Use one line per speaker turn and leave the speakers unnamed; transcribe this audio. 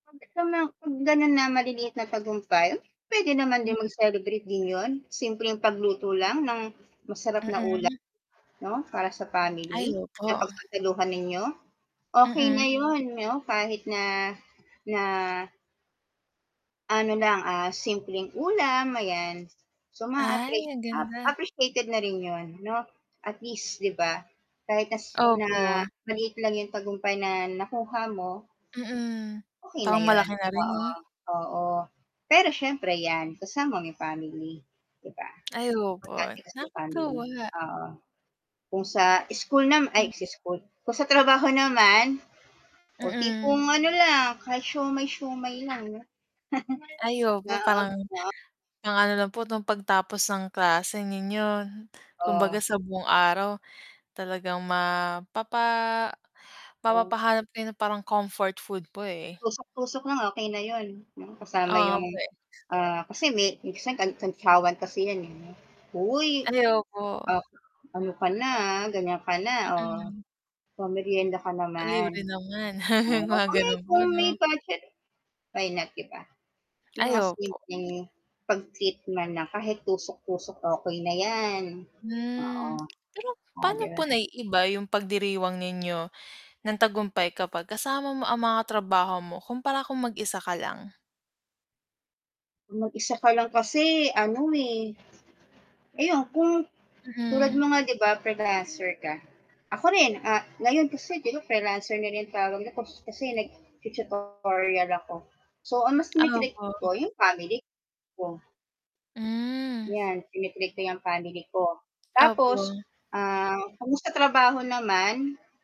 'Pag to nang 'pag ganun na maliliit na tagumpay, hmm, puwede naman din mag-celebrate din yun, simpleng pagluto lang ng masarap na ulam,
Mm.
'no para sa family
Ay,
na
opo.
pagsasaluhan ninyo, okey
Mm.
na yun 'no, kahit na, na ano lang, ah, simpleng ulam ayan, so
Ay,
ma-appreci
ang ganda.
appreciated na rin yun no, at least 'di ba, kahit na s na
Opo.
maliit lang yung tagumpay na nakuha mo
Mm,
okey
parang
na yun.
malaki na rin
Oo,
'no.
oo, pero siyempre yan kasama mo family. 'Di ba,
Ay opo,
importante kasi family,
nakatuwa.
oo, kung sa school nam ay
Hmm.
sa school, kung sa trabaho naman, o
Mm.
tipong ano lang kahit siomai-siomai lang 'no.
Ay opo
Oo,
parang,
wow.
pang ano lang po, 'no, pagtapos ng klase ninyo kumbaga
Oh.
sa buong araw talagang mapapa
Oo.
mapapahanap din ng parang comfort food po, eh.
Tusok-tusok na nga okey na yun' no, kasama
Oo,
yung,
puwe
ah kasi may minsan kan kantyawan kasi yan, eh, no. "Hoy,
Ay opo.
op ano ka na, ha, ganiyan ka na, oh,
Mm.
pa-merienda ka
"Ah, libre
naman."
naman,"
Oo,
mga
kung may
ganun po,
kung may
'no.
budget, why not 'di ba? Yung
Ay,
mga
opo.
simpleng pag-treat man lang kahit tusok-tusok, okey na yan, oo.
Hmm, pero
Oh,
pa'no
'di ba
po
nag
naiiba yung pagdiriwang ninyo ng tagumpay kapag kasama mo ang mga trabaho mo, kumpara kung mag-isa ka lang?
Kung mag-isa ka lang kasi, ano, eh. Ayon kung tulad
Mm.
mo nga 'di ba freelancer ka, ako rin, ah, ngayon kasi 'di ba freelancer na rin ang tawag nila kasi nagtu-tutorial ako, so ang mas tini-treat
Opo.
ko, yung family ko.
Hmm.
Yan, tini-treat ko yang family ko. Tapos,
Opo.
ah, kung sa trabaho naman